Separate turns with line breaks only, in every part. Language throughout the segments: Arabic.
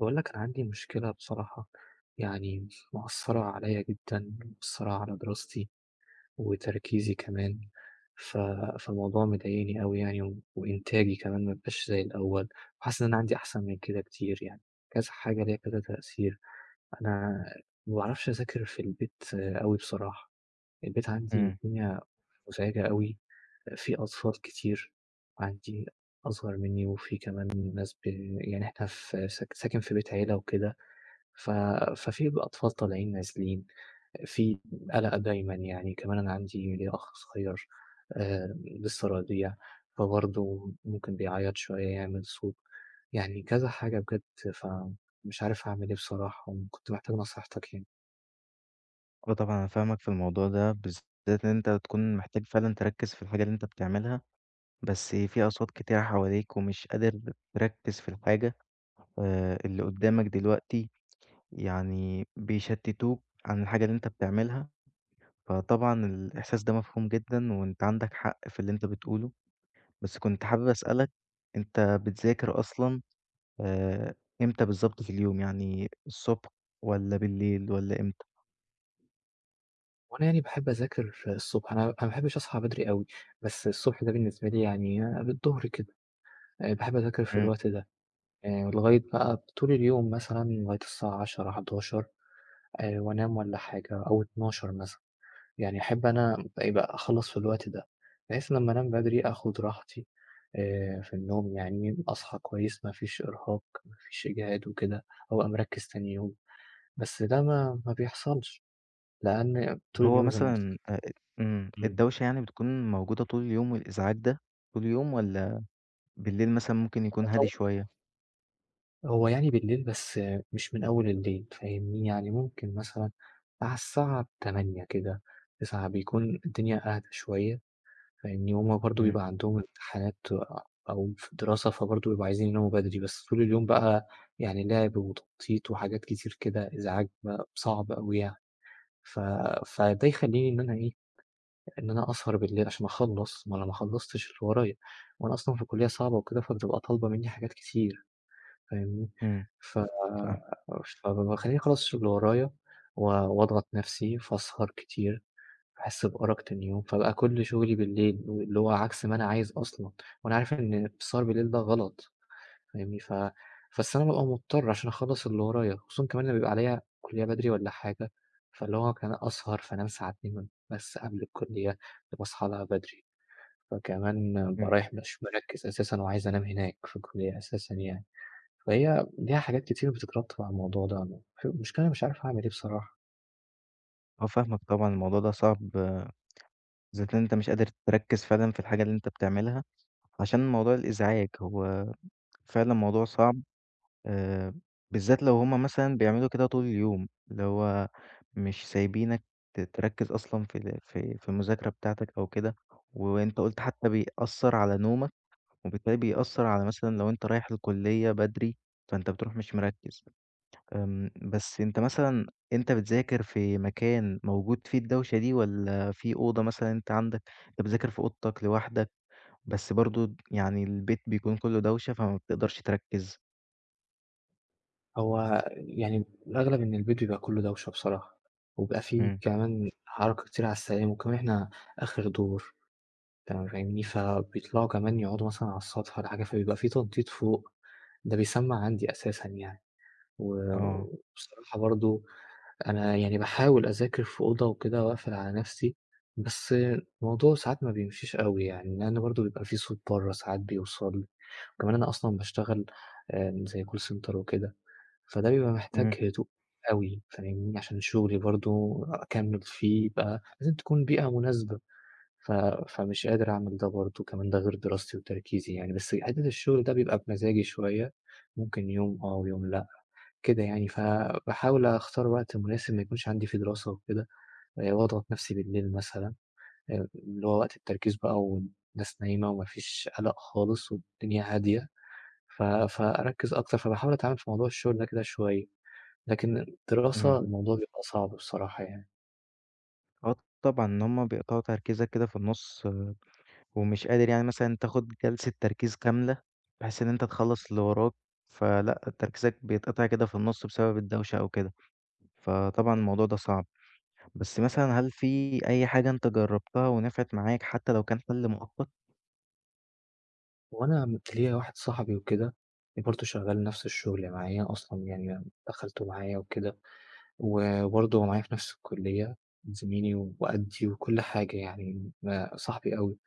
باقول لك أنا عندي مشكلة بصراحة يعني مأثّرة عليّا جدًا، مأثّرة على دراستي وتركيزي كمان ف فالموضوع مضايقني أوي يعني وإنتاجي كمان ما بقاش زي الأول وحاسس إن أنا عندي أحسن من كده كتير يعني، كذا حاجة ليها كذا تأثير. أنا ما باعرفش أذاكر في البيت أوي بصراحة، البيت عندي
إمم.
الدنيا مُزعجة أوي، في أطفال كتير عندي أصغر منّي وفي كمان ناس ب يعني إحنا ف س ساكن في بيت عِيلة وكده ف ففي بقى أطفال طالعين نازلين، في قلق دايمًا يعني، كمان أنا عندي ليّا أخ صغيّر آآ، لسه رضيع فبرضو ممكن بيعيّط شوية، يعمل صوت يعني كذا حاجة بجد فمش عارف أعمل إيه بصراحة وكنت محتاج نصيحتك يعني.
آه، طبعًا أنا فاهمك في الموضوع ده بالذات إن أنت تكون محتاج فعلًا تركّز في الحاجة اللي أنت بتعملها، بس في أصوات كتيرة حواليك ومش قادر تركّز في الحاجة آآ، اللي قدّامك دلوقتي يعني بيشتتوك عن الحاجة اللي أنت بتعملها، فطبعًا الإحساس ده مفهوم جدًا وأنت عندك حق في اللي أنت بتقوله. بس كنت حابب أسألك أنت بتذاكر أصلًا آآ، إمتى بالضبط في اليوم يعني الصبح والّا بالليل والّا إمتى؟
هو أنا يعني باحب أذاكر في الصبح، أنا أنا ما باحبّش أصحى بدري أوي بس الصبح ده بالنسبة لي يعني قبل الضُّهر كده، آآ باحب أذاكر في
إمم.
الوقت ده آآ لغاية بقى ب طول اليوم مثلًا لغاية الساعة 22:00 23:00 آآ وأنام والّا حاجة أو 00:00 مثلًا، يعني أحب أنا يبقى أخلّص في الوقت ده بحيث لمّا أنام بدري آخُد راحتي آآ في النوم يعني، أصحى كويس، ما فيش إرهاق، ما فيش إجهاد وكده، وأبقى مركّز تاني يوم، بس ده ما ما بيحصلش لأن
اللي
طول
هو
اليوم زي ما قُلت لك.
مثلًا آآ إمم،
إمم.
الدوشة يعني بتكون موجودة طول اليوم والإزعاج ده طول يوم والّا بالليل مثلًا ممكن يكون هادي شوية؟
[unintelligible] هو يعني بالليل بس مش من أول الليل فاهمني، يعني ممكن مثلًا على الساعة 20:00 كده 21:00 بيكون الدنيا أهدى شوية فاهمني، وهُم برضه
إمم.
بيبقى عندهم امتحانات أو في دراسة فبرضه بيبقوا عايزين يناموا بدري بس طول اليوم بقى يعني لعب وتنطيط وحاجات كتير كده إزعاج بقى صعب أوي يعني، ف فده يخلّيني إن أنا إيه، إن أنا أسهر بالليل علشان أخلّص، ما أنا ماخلّصتش اللي ورايا، ما أنا أصلًا في كُلّية صعبة وكده فتبقى طالبة منّي حاجات كتير فاهمني،
إمم،
ف
صح.
فب باخلّيني أخلّص الشغل اللي ورايا و وأضغط نَفْسي فأسهر كتير باحس بأرق تاني يوم فابقى كل شغلي بالليل، اللي هو عكس ما أنا عايز أصلًا وأنا عارف إن السهر بالليل ده غلط فاهمني، ف بس أنا بابقى مضطر علشان أخلّص اللي ورايا خصوصًا كمان لمّا بيبقى عليَّ كُلّية بدري والّا حاجة، فاللي هو ك أسهر فانام ساعتين بس قبل الكُلّية فباصحى لها بدري، فكمان بابقى
إمم.
رايح مش مركّز أساسًا وعايز أنام هناك في الكُلّية أساسًا يعني، فهي ليها حاجات كتير بتترتّب على الموضوع ده، م المشكلة أنا مش عارف أعمل إيه بصراحة؟
آه، فاهمك طبعًا، الموضوع ده صعب. زائد إن أنت مش قادر تركِّز فعلًا في الحاجة اللي أنت بتعملها، عشان موضوع الإزعاج، هو فعلًا موضوع صعب. آآ، بالذات لو هُم مثلًا بيعملوا كده طول اليوم، اللي هو، مش سايبينك ت تركِّز أصلًا في في في المذاكرة بتاعتك أو كده. وأنت قُلت حتى بيأثِّر على نومك، وبالتالي بيأثِّر على مثلًا لو أنت رايح الكلية بدري، فأنت بتروح مش مركِّز. إمم، بس أنت مثلًا أنت بتذاكر في مكان موجود فيه الدوشة دي، والّا في أوضة مثلًا، أنت عندك أنت بتذاكر في أوضتك لوحدك، بس برضه، يعني، البيت بيكون كله دوشة، فما بتقدرش تركِّز؟
هو آآ، يعني، الأغلب إن البيت يبقى كله دوّشة بصراحة، وبيبقى في
إمم.
كمان حركة كتير على السلالم، وكمان إحنا آخر دور، تمام فاهمني، فبيطلعوا كمان يقعدوا مثلًا على السطح والّا حاجة، فبيبقى في تنطيط فوق، ده بيسمَّع عندي أساسًا يعني. و
أه.
وبصراحة، برضه أنا يعني باحاول أذاكر في أوضة وكده، وأقفل على نفسي، بس الموضوع ساعات ما بيمشيش أوي يعني، لأن برضه بيبقى في صوت برّه ساعات بيوصل. وكمان أنا أصلًا باشتغل آآ زي call center وكده، فده بيبقى محتاج
إمم.
هدوء أوي، فاهمني، عشان شغلي برضه أكمِّل فيه بقى لازم تكون بيئة مناسبة. ف فمش قادر أعمل ده برضه. كمان ده غير دراستي وتركيزي يعني بس حتة الشغل ده بيبقى بمزاجي شوية، ممكن يوم آه ويوم لأ كده يعني، فباحاول أختار وقت مناسب، ما يكونش عندي فيه دراسة وكده، آآ وأضغط نفسي بالليل مثلًا، آآ اللي هو وقت التركيز بقى، والناس نايمة وما فيش قلق خالص والدنيا هادية. ف فأركِّز أكتر، فباحاول أتعامل في موضوع الشغل ده كده شوية، لكن الدراسة،
إمم.
الموضوع بيبقى صعب بصراحة يعني.
آه، طبعًا، إن هُم بيقطعوا تركيزك كده في النُص، ومش قادر يعني مثلًا، تاخد جلسة تركيز كاملة، بحيث إن أنت تخلِّص اللي وراك. فلأ، تركيزك بيتقطع كده في النُص، بسبب الدوشة أو كده. فطبعًا، الموضوع ده صعب. بس، مثلًا، هل في أي حاجة أنت جرَّبتها ونفعت معاك، حتى لو كان حل مؤقت؟
هو أنا ليَّا واحد صاحبي وكده، برضه شغَّال نفس الشغل معايا أصلًا يعني، دخَّلته معايا وكده، و وبرضه هو معايا في نفس الكلية، زميلي وقديّ وكل حاجة يعني. ما صاحبي أوي.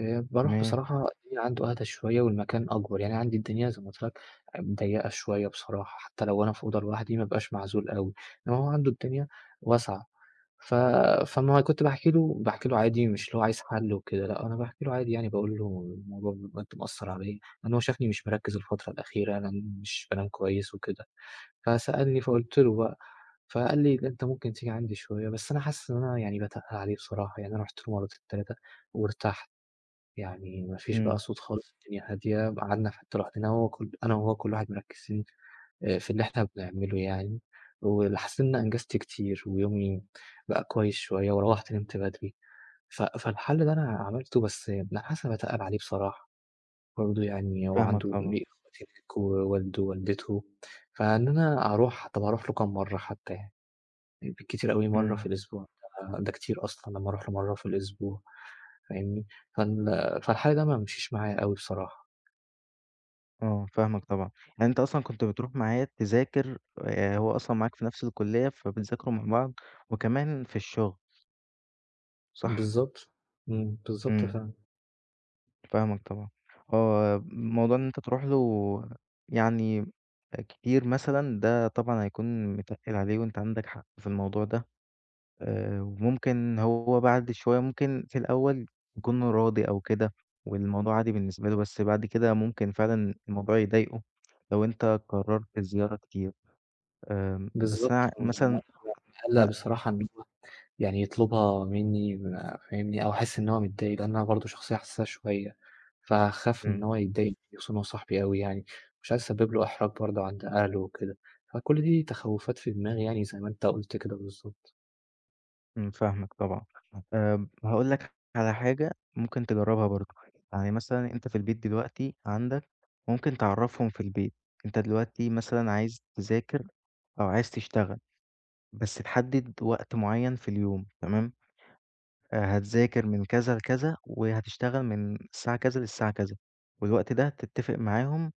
آآ، باروح
تمام.
بصراحة، الدنيا عنده أهدى شوية، والمكان أكبر. يعني، عندي الدنيا زي ما قُلت لك، ضيِّقة شوية بصراحة، حتى لو أنا في أوضة لوحدي، ما بابقاش معزول أوي. إنما هو عنده الدنيا واسعة. ف فما كنت باحكي له باحكي له عادي، مش اللي هو عايز حل وكده، لأ، أنا باحكي له عادي، يعني، باقول له الموضوع بجد مأثِّر عليَّا، لأن هو شافني مش مركِّز الفترة الأخيرة، أنا مش بانام كويس وكده، فسألني، فقُلت له بقى، فقال لي: "أنت ممكن تيجي عندي شوية." بس أنا حاسِس إن أنا يعني باتقِّل عليه بصراحة يعني. أنا رُحت مرتين، 3، وارتحت، يعني ما فيش بقى
إمم.
صوت خالص، الدنيا هادية. ب قعدنا في حتَّة لوحدنا، وهو ك وأنا وهو، كل واحد مركِّز [unintelligible] آآ في اللي إحنا بنعمله يعني، وحسيت إن أنا أنجزت كتير ويومي بقى كويس شوية، وروِّحت، نِمت بدري. ف فالحل ده أنا عملته، بس لأ، حاسِس إني باتقِّل عليه بصراحة. برضه يعني هو
فاهمك
عنده
طبعًا.
[unintelligible] ووالده ووالدته، فإن أنا أروح، طب أروح له كام مرة حتى يعني؟ بالكتير أوي مرة في
إمم.
الأسبوع، ده كتير أصلًا، لمَّا أروح له مرة في الأسبوع. فاهمني؟ فال فالحل ده ما مشيش معايا أوي بصراحة.
آه، فاهمك طبعًا، يعني أنت أصلًا كنت بتروح معاه تذاكر آآ هو أصلًا معاك في نفْس الكلّية فبتذاكروا مع بعض وكمان في الشُغل. صح؟
بالضبط، إمم، بالضبط
إمم.
فعلًا.
فاهمك طبعًا، هو موضوع إن أنت تروح له يعني كتير مثلًا ده طبعًا هيكون متقِّل عليه وأنت عندك حق في الموضوع ده آآ وممكن هو بعد شوية ممكن في الأول يكون راضي أو كده والموضوع عادي بالنسبة له، بس بعد كده ممكن فعلًا الموضوع يضايقه لو أنت قرّرت الزيارة كتير. آمم بس أنا ع
بالضبط، آه
مثلًا
[unintelligible] مقّلق
أ
بصراحة إن هو يعني يطلبها منّي ما فاهمني؟ أو احس إن هو متضايق؛ لأن أنا برضه شخصية حسّاسه شوية، فهاخاف إن
إمم.
هو يتضايق مني خصوصًا إن هو صاحبي أوي يعني، مش عايز أسبّب له احراج برضه عند أهله وكده، فكل دي تخوّفات في دماغي يعني زي ما أنت قُلت كده بالضبط.
إمم، فاهمك طبعًا. آمم هاقول لك على حاجة ممكن تجرّبها برضه يعني مثلًا أنت في البيت دلوقتي عندك ممكن تعرّفهم في البيت، أنت دلوقتي مثلًا عايز تذاكر أو عايز تشتغل بس تحدد وقت معيّن في اليوم تمام؟ آآ هتذاكر من كذا لكذا وهتشتغل من الساعة كذا للساعة كذا والوقت ده تتفق معاهم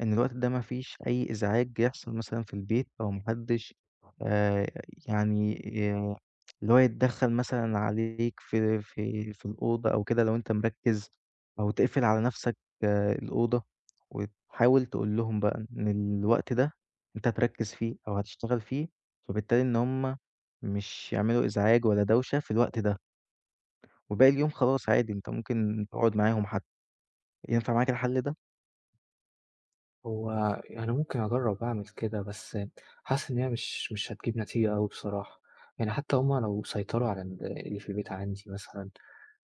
إن الوقت ده ما فيش أي إزعاج يحصل مثلًا في البيت أو ما حدش آآ يعني ي اللي هو يتدخّل مثلًا عليك في في في الأوضة أو كده لو أنت مركّز أو تقفل على نفْسك الأوضة وتحاول تقول لهم بقى إن الوقت ده أنت هتركّز فيه أو هتشتغل فيه، فبالتالي إن هُم مش يعملوا إزعاج ولا دوشة في الوقت ده. وباقي اليوم خلاص عادي أنت ممكن تقعد معاهم حتى، ينفع معاك الحل ده؟
هو يعنى ممكن أجرِّب أعمل كده، بس حاسس إن هي مش مش هتجيب نتيجة أوي بصراحة، يعني حتى هم لو سيطروا على ال اللي في البيت عندي مثلًا،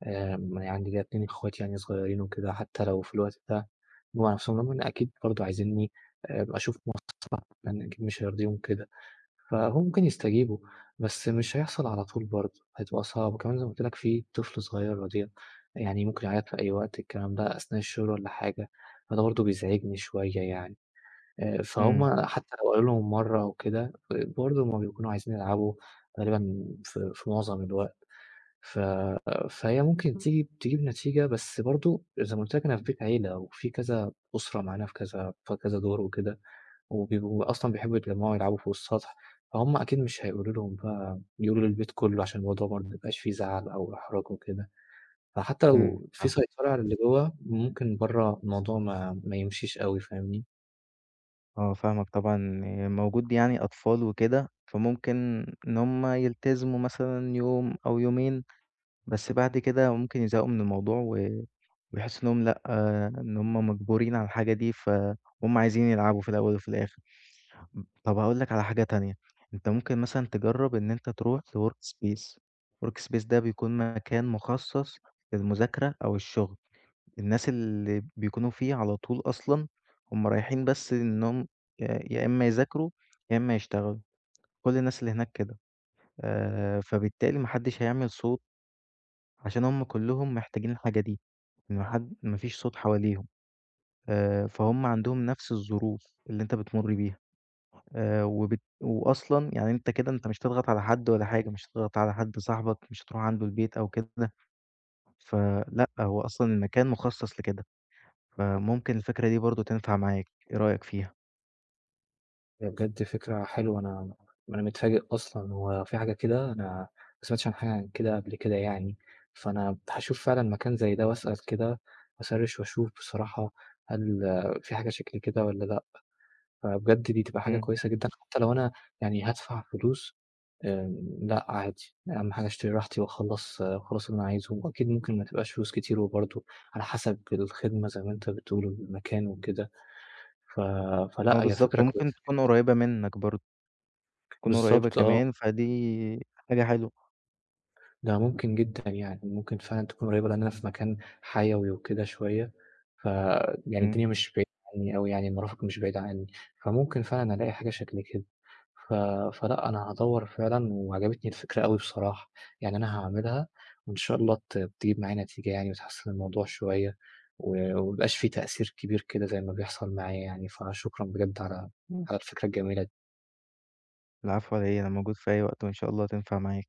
آآ، م عندي كده 2 إخواتي يعني صغيرين وكده، حتى لو في الوقت ده جم على نفسهم، رغم إن أكيد برضه عايزينني أبقى أشوف [unintelligible] لأن أكيد مش هيرضيهم كده. فهو ممكن يستجيبوا، بس مش هيحصل على طول برضه، هتبقى صعب. وكمان زي ما قُلت لك، في طفل صغير رضيع، يعني ممكن يعيط في أي وقت، الكلام ده أثناء الشغل والّا حاجة، فده برضه بيزعجني شوية يعني، آآ،
إمم.
فهُم حتى لو قالوا لهم مرة أو كده، ب برضه هُم بيكونوا عايزين يلعبوا غالبًا في في معظم الوقت، ف فهي ممكن تيجي تجيب نتيجة بس برضه زى ما قُلت لك أنا فى بيت عيلة، وفي كذا أسرة معانا، في كذا في كذا دور وكده. وبيبقو أصلًا بيحبُّوا يتجمعوا يلعبوا فوق السطح، فهم أكيد مش هيقولو لهم بقى يقولوا للبيت كله، عشان الموضوع برضه ما يبقاش في زعل أو احراج وكده، فحتى
إمم
لو في
فاهمك.
سيطرة على الى جوا ممكن برّا الموضوع ما ما يمشيش أوي فاهمني؟
آه فاهمك طبعًا، إن موجود يعني أطفال وكده فممكن إن هُم يلتزموا مثلًا يوم أو يومين، بس بعد كده ممكن يزهقوا مِن الموضوع، و ويحسوا إنهُم لأ إن هُم مَجبورين على الحاجة دي فهُم عايزين يلعبوا في الأول وفي الآخر. ام طَب هاقول لك على حاجة تانية، أنت ممكن مثلًا تجرّب إن أنت ترُوح في work space، work space ده بيكون مكان مُخصص للمُذاكرة أو الشغل الناس اللي بيكونوا فيه على طول أصلًا هُم رايحين بس إنهُم ي يا إما يذاكروا يا إما يشتغلوا كُل الناس اللي هناك كده آآ، فبالتالي ما حدش هيعمل صوت. عشان هُم كُلهم محتاجين الحاجة دي، ما حد ما فيش صوت حواليهم. آآ، فهُم عندهم نفس الظروف اللي أنت بتمُر بيها آآ، وبالت وأصلًا يعني أنت كده أنت مش هتضغط على حد ولا حاجة مش هتضغط على حد صاحبك مش هتروح عنده البيت أو كده، فلأ هو أصلًا المكان مُخصص لكده، فممكن الفكرة دي برضه تنفع معاك، إيه رأيك فيها؟
هي بجد فكرة حلوة. أنا أنا متفاجئ أصلًا، هو في حاجة كده؟ أنا ما سمعتش عن حاجة كده قبل كده يعني. فأنا هاشوف فعلًا مكان زي ده، وأسأل كده، هاسرِّش وأشوف بصراحة، هل في حاجة شكل كده والّا لأ؟ فبجد، دي تبقى حاجة
امم.
كويسة جدًا، حتى لو أنا يعني هادفع فلوس آمم، لأ، عادي. أهم حاجة، اشتري راحتي، وأخلِّص وأخلِّص اللي أنا عايزه. وأكيد، ممكن ما تبقاش فلوس كتير، وبرضه، على حسب الخدمة زي ما أنت بتقول، والمكان وكده. ف
آه،
فلأ، هي
بالضبط،
فكرة
وممكن
كويسة
تكون
جدًا.
قريّبة منك برضه. تكون قريّبة
بالضبط آه.
كمان، فدي حاجة حلوة.
ده ممكن جدًا يعني، ممكن فعلًا تكون قريِّبة، لأن أنا في مكان حيوي وكده شوية، فيعني
امم.
الدنيا مش بعيدة عني أوي يعني، المرافق مش بعيدة عني. فممكن فعلًا ألاقي حاجة شكل كده. ف فلأ، أنا هادوِّر فعلًا، وعجبتني الفكرة أوي بصراحة. يعني أنا هاعملها، وإن شاء الله، ت تجيب معايا نتيجة يعني، وتحسِّن الموضوع شوية، و وما يبقاش في تأثير كبير كده، زي ما بيحصل معايا يعني. فشكرًا بجد على على الفكرة الجميلة د
العفو، على إيه، أنا موجود في أي وقت وإن شاء الله تنفع معاك.